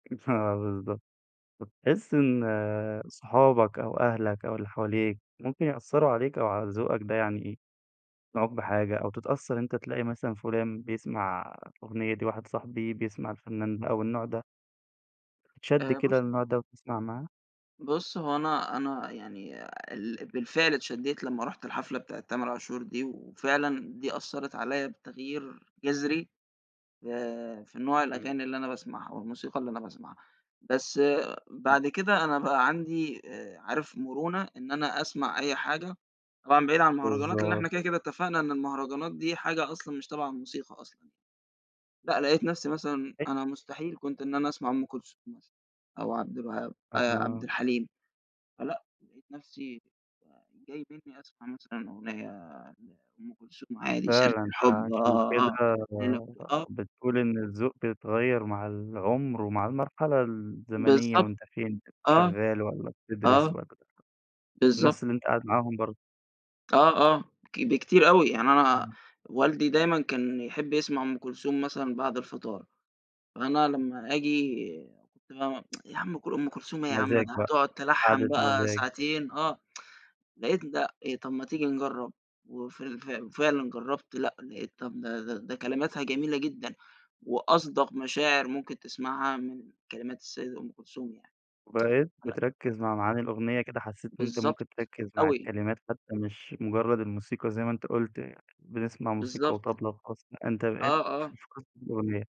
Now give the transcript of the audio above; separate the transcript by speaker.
Speaker 1: [unintelligible] بالضبط، فتحس إن صحابك أو أهلك أو اللي حواليك ممكن يأثروا عليك أو على ذوقك ده، يعني إيه يقنعوك بحاجة أو تتأثر أنت، تلاقي مثلًا فلان بيسمع أغنية دي، واحد صاحبي بيسمع الفنان ده أو النوع ده. تتشد
Speaker 2: آآ بُص
Speaker 1: كده للنوع ده و تسمع معاه؟
Speaker 2: بُصّ، هُو أنا أنا يعني ال بالفعل اتشديت لما رُحت الحفلة بتاعة تامر عاشور دي، وفعلًا دي أثّرت عليَّ بتغيير جذري آآ، في نوع
Speaker 1: إمم.
Speaker 2: الأغاني اللي أنا باسمعها والموسيقى اللي أنا باسمعها، بس
Speaker 1: [unintelligible]
Speaker 2: بعد كده أنا بقى عندي آآ عارف مرونة إن أنا أسمع أي حاجة، طبعًا بعيد عن المهرجانات لأن إحنا
Speaker 1: بالضبط.
Speaker 2: كده كده اتفقنا إن المهرجانات دي حاجة أصلًا مش تبع الموسيقى أصلًا ي لأ، لقيت نفسي مثلًا
Speaker 1: [unintelligible]
Speaker 2: أنا مستحيل كنت إن أنا أسمع أم كلثوم مثلًا أو عبد الوهاب آآ، عبد
Speaker 1: تمام.
Speaker 2: الحليم، فلأ لقيت نفسي ج جاي بإنّي أسمع مثلًا أغنية عن أم كلثوم عادي، سيرة
Speaker 1: فعلًا،
Speaker 2: الحب
Speaker 1: فعشان
Speaker 2: آه، آه،
Speaker 1: كده
Speaker 2: ألف
Speaker 1: ب
Speaker 2: ليلة وليل آه.
Speaker 1: ب بتقول إن الذوق بيتغير مع العمر ومع المرحلة الزمنية
Speaker 2: بالضبط،
Speaker 1: وأنت فين،
Speaker 2: آه،
Speaker 1: شغّال والّا بتدرس
Speaker 2: آه،
Speaker 1: والّا
Speaker 2: بالضبط.
Speaker 1: الناس اللي أنت قاعد معاهم برضو.
Speaker 2: آه، آه، ك بكتير أوي، يعني أنا
Speaker 1: إمم.
Speaker 2: والدي دايمًا كان يحب يسمع أم كلثوم مثلًا بعد الفطار، فأنا لما آجي كُنت بقى م يا عم أم ك أم كلثوم إيه يا عم،
Speaker 1: مزاج
Speaker 2: يعني
Speaker 1: بقى،
Speaker 2: هتقعد تلحن
Speaker 1: قعدة
Speaker 2: بقى
Speaker 1: مزاج.
Speaker 2: ساعتين، آه، لقيت ده إيه، طب ما تيجي نجرب و ف ف وفعلًا جربت، لأ لقيت طب ده ده ده كلماتها جميلة جدًا وأصدق مشاعر ممكن تسمعها من كلمات السيدة أم كلثوم يعني،
Speaker 1: وبقيت
Speaker 2: لأ
Speaker 1: بتركز مع معاني الأغنية كده حسيت إن أنت
Speaker 2: بالضبط،
Speaker 1: ممكن تركز مع
Speaker 2: أوي.
Speaker 1: الكلمات حتى مش مجرد الموسيقى زي ما أنت قُلت، بنسمع موسيقى
Speaker 2: بالضبط.
Speaker 1: وطبلة وخلاص، لأ أنت
Speaker 2: آه،
Speaker 1: بقيت
Speaker 2: آه.
Speaker 1: [unintelligible] الأغنية.